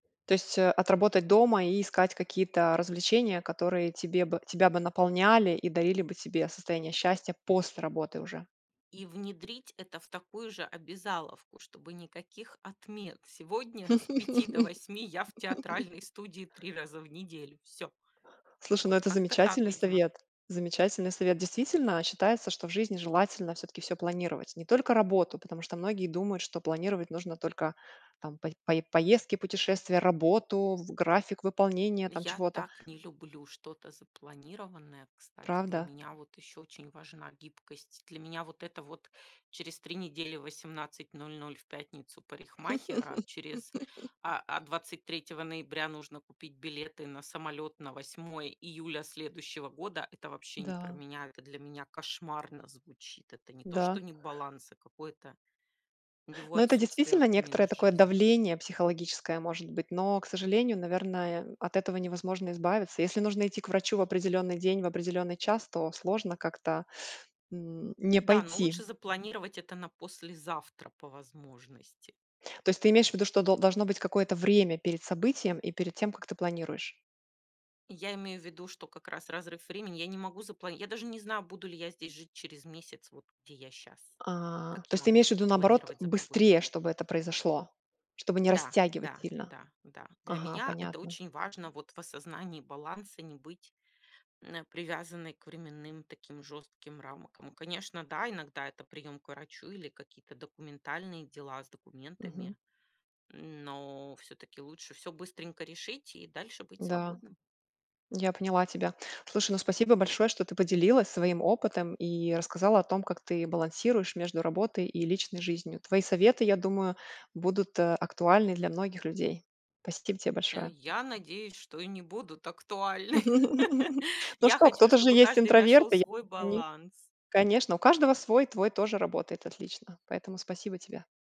То есть, э, отработать дома и искать какие-то развлечения, которые тебе бы тебя бы наполняли и дарили бы тебе состояние счастья после работы уже. И внедрить это в такую же обязаловку, чтобы никаких отмен. Сегодня с 5 до 8 я в театральной студии 3 раза в неделю. Всё. Слушай, ну, Вот это как-то так, замечательный видимо. совет, замечательный совет. Действительно, считается, что в жизни желательно всё-таки всё планировать, не только работу, потому что многие думают, что планировать нужно только там по пое поездки, путешествия, работу, в график выполнения там Я чего-то. так не люблю что-то запланированное, кстати. Для Правда? меня вот ещё очень важна гибкость. Для меня вот это вот через 3 недели в 18:00 в пятницу парикмахер, а через а, а 23 ноября нужно купить билеты на самолёт на 8 июля следующего года. Это вообще не про Да. меня. Это для меня кошмарно звучит. Это не то, что Да. не баланс, а какое-то его Ну, это отсутствие и действительно вообще некоторое минус такое жизнь. давление психологическое, может быть, но, к сожалению, наверное, от этого невозможно избавиться. Если нужно идти к врачу в определённый день, в определённый час, то сложно как-то, м, не Да, но пойти. лучше запланировать это на послезавтра по возможности. То есть ты имеешь в виду, что до должно быть какое-то время перед событием и перед тем, как ты планируешь? Я имею в виду, что как раз разрыв времени. Я не могу запла я даже не знаю, буду ли я здесь жить через месяц, вот где я щас. А, Как то я есть ты могу имеешь в виду, что-то наоборот, планировать за полгода быстрее, вперёд? чтобы это произошло, чтобы не Да, растягивать да, сильно? да, да. Для Ага, меня это понятно. очень важно вот в осознании баланса, не быть н э, привязанной к временным таким жёстким рамкам. Конечно, да, иногда это приём к врачу или какие-то документальные дела с Мгм. документами, н но всё-таки лучше всё быстренько решить и дальше быть Да. свободным. Я поняла тебя. Слушай, ну, спасибо большое, что ты поделилась своим опытом и рассказала о том, как ты балансируешь между работой и личной жизнью. Твои советы, я думаю, будут, э, актуальны для многих людей. Спасибо тебе Э, большое. я надеюсь, что и не будут актуальны. Ну Я что, хочу, кто-то же чтобы есть каждый нашёл интроверты, я. свой [unintelligible] баланс. Конечно, у каждого свой, твой тоже работает отлично, поэтому спасибо тебе.